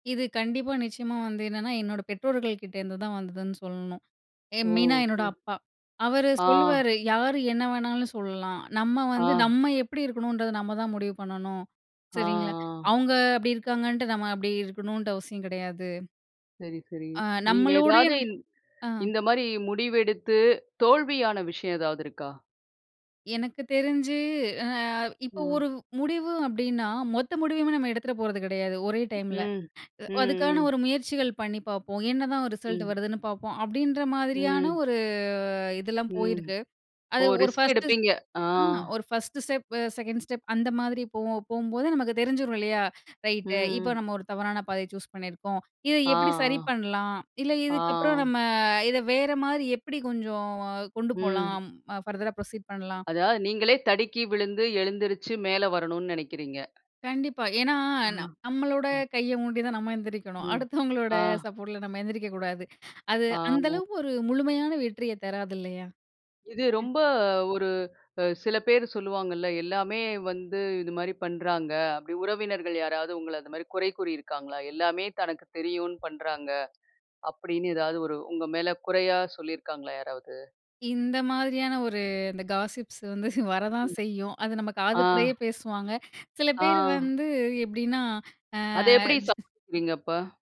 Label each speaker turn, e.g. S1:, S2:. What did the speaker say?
S1: இது கண்டிப்பா, நிச்சயமா வந்து என்னன்னா என்னோட பெற்றோர்கள் கிட்டேருந்துதான் வந்ததுன்னு சொல்லணும். எ மெயினா
S2: ஓஹ்!
S1: என்னோட
S2: சரி.
S1: அப்பா. அவர்
S2: ஆ.
S1: சொல்லுவாரு, யாரு என்ன வேணாலும் சொல்லலாம். நம்ம
S2: ஆ.
S1: வந்து நம்ம எப்படி இருக்கணுன்றது நம்ம தான் முடிவு பண்ணணும்.
S2: ஆ
S1: சரிங்களா?
S2: ஆ.
S1: அவங்க அப்படி இருக்காங்கன்ட்டு நம்ம அப்படி இருக்கணுன்ற அவசியம் கிடையாது.
S2: சரி, சரி.
S1: ஆ
S2: நீங்க
S1: நம்மளூடைய
S2: ஏதாவது
S1: ஆ.
S2: இந்த மாதிரி முடிவெடுத்து தோல்வியான விஷயம் ஏதாவது இருக்கா?
S1: எனக்கு தெரிஞ்சு ஆ இப்போ
S2: ஆ.
S1: ஒரு முடிவு அப்படீன்னா மொத்த முடிவுமே நம்ம எடுத்துற போறது கிடையாது ஒரே டைம்ல.
S2: ம் ம்
S1: அதுக்கான
S2: ம்.
S1: ஒரு முயற்சிகள் பண்ணி பார்ப்போம், என்னதான் ஒரு ரிசல்ட்
S2: ம்.
S1: வருதுன்னு பார்ப்போம், அப்படீன்ற மாதிரியான
S2: ம்.
S1: ஒரு இதெல்லாம்
S2: ம்.
S1: போயிருக்கு. அது
S2: ஓ!
S1: ஒரு
S2: ரிஸ்க்
S1: ஃபர்ஸ்ட்டு
S2: எடுப்பீங்க. ஆ.
S1: ஆ ஒரு 1 ஸ்டெப், 2 ஸ்டெப் அந்த மாதிரி போகும். போகும்போது நமக்கு தெரிஞ்சிரும். இல்லையா? ரைட்டு இப்போ
S2: ம்.
S1: நம்ம ஒரு தவறான பாதைய சூஸ் பண்ணியிருக்கிறோம். இத
S2: ஆ.
S1: எப்படி சரி பண்ணலாம்? இல்ல,
S2: ஆ.
S1: இதுக்கப்புறம்
S2: ஆ.
S1: நம்ம இத வேற மாரி எப்படி கொஞ்சம் கொண்டு
S2: ம்.
S1: போலாம்? பர்தர்ரா புரோசீட் பண்ணலாம்.
S2: அதாவது, நீங்களே தடுக்கி விழுந்து எழுந்திருச்சு மேல வரணும்னு நெனக்கிறீங்க.
S1: கண்டிப்பா. ஏனா,
S2: ஆ.
S1: நம்மளோட
S2: ம்.
S1: கைய ஊண்டிதான் நம்ம எந்திரிக்கணும்.
S2: ம்.
S1: அடுத்தவங்களோட
S2: ஆ.
S1: சப்போர்ட்டில நம்ம எந்திரிக்க கூடாது. அது அந்த
S2: ஆமா.
S1: அளவுக்கு ஒரு முழுமையான வெற்றிய தராது இல்லையா?
S2: இது
S1: ம்.
S2: ரொம்ப, ஒரு சில பேர் சொல்லுவாங்கள்ல, எல்லாமே வந்து இது மாதிரி பண்றாங்க. அப்படி உறவினர்கள் யாராவது உங்கள அந்த மாதிரி குறை கூறி இருக்காங்களா? எல்லாமே தனக்கு தெரியுன்னு பண்றாங்க. அப்படீன்னு, ஏதாவது ஒரு உங்க மேல குறையா சொல்லிருக்காங்களா யாராவது?
S1: இந்த மாதிரியான ஒரு இந்த காஸிப்ஸ் வந்து வர தான்
S2: ம்.
S1: செய்யும். அது நம்ம காது
S2: ஆ.
S1: படையே பேசுவாங்க. சில பேர்
S2: ஆ.
S1: வந்து எப்படின்னா
S2: அத எப்படி
S1: ஆ.
S2: சமாளிக்கிறீங்க அப்ப?